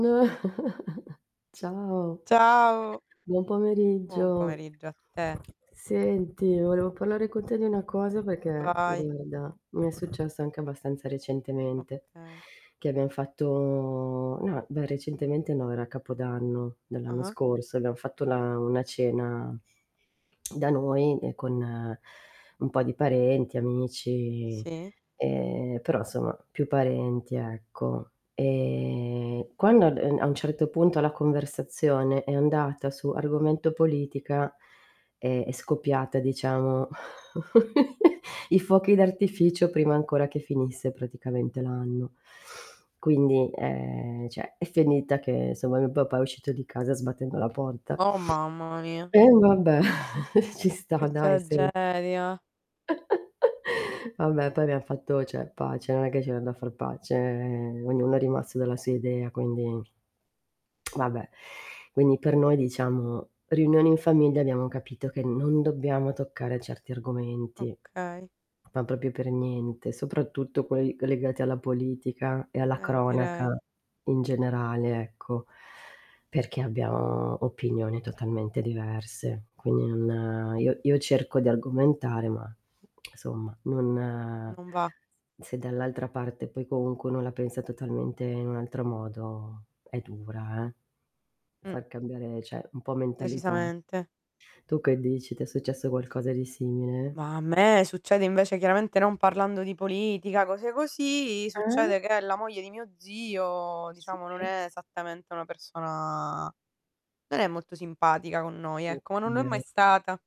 [unintelligible] Ciao. Ciao. Buon Buon pomeriggio. pomeriggio a te. Senti, volevo parlare con te di una cosa perché Vai. guarda, mi è successo anche abbastanza recentemente, Okay. che abbiam fatto no, beh, recentemente no, era capodanno dell'anno Ah-ah. scorso, abbiam fatto la una cena da noi, ehm, con un po' di parenti, amici, Sì. ehm, però insomma, più parenti, ecco. Ehm, quando ad uhm, a un certo punto la conversazione è andata su argomento politica, è è scoppiata diciamo i fuochi d'artificio, prima ancora che finisse praticamente l'anno. Quindi, ehm, cioè è finita che somma mio papà è uscito di casa sbattendo la porta. Oh, mamma mia. E vabbè ci Che sta dai, sen tragedia. Vabbè poi abbiam fatto cioè pace, non è che c'era da far pace, ehm, ognuno è rimasto dalla sua idea quindi Vabbè, quindi per noi diciamo riunioni in famiglia, abbiamo capito che non dobbiamo toccare certi argomenti. Okay. Ma proprio per niente, soprattutto quei legati alla politica e alla Eh, direi. cronaca in generale ecco, perché abbiamo opinione totalmente diverse. Quindi non io io cerco d'argomentare, ma somma non Non va. se dall'altra parte poi comunque uno la pensa totalmente in un altro modo è dura eh, Mh. far cambiare cioè, un po' mentalità. Decisamente. Tu che dici? T'è successo qualcosa di simile? Ma a me succede invece chiaramente, non parlando di politica, cose così, Eh? succede che la moglie di mio zio, Sì. diciamo non è esattamente una persona non è molto simpatica con noi, ecco, ma non lo è mai Okay. stata.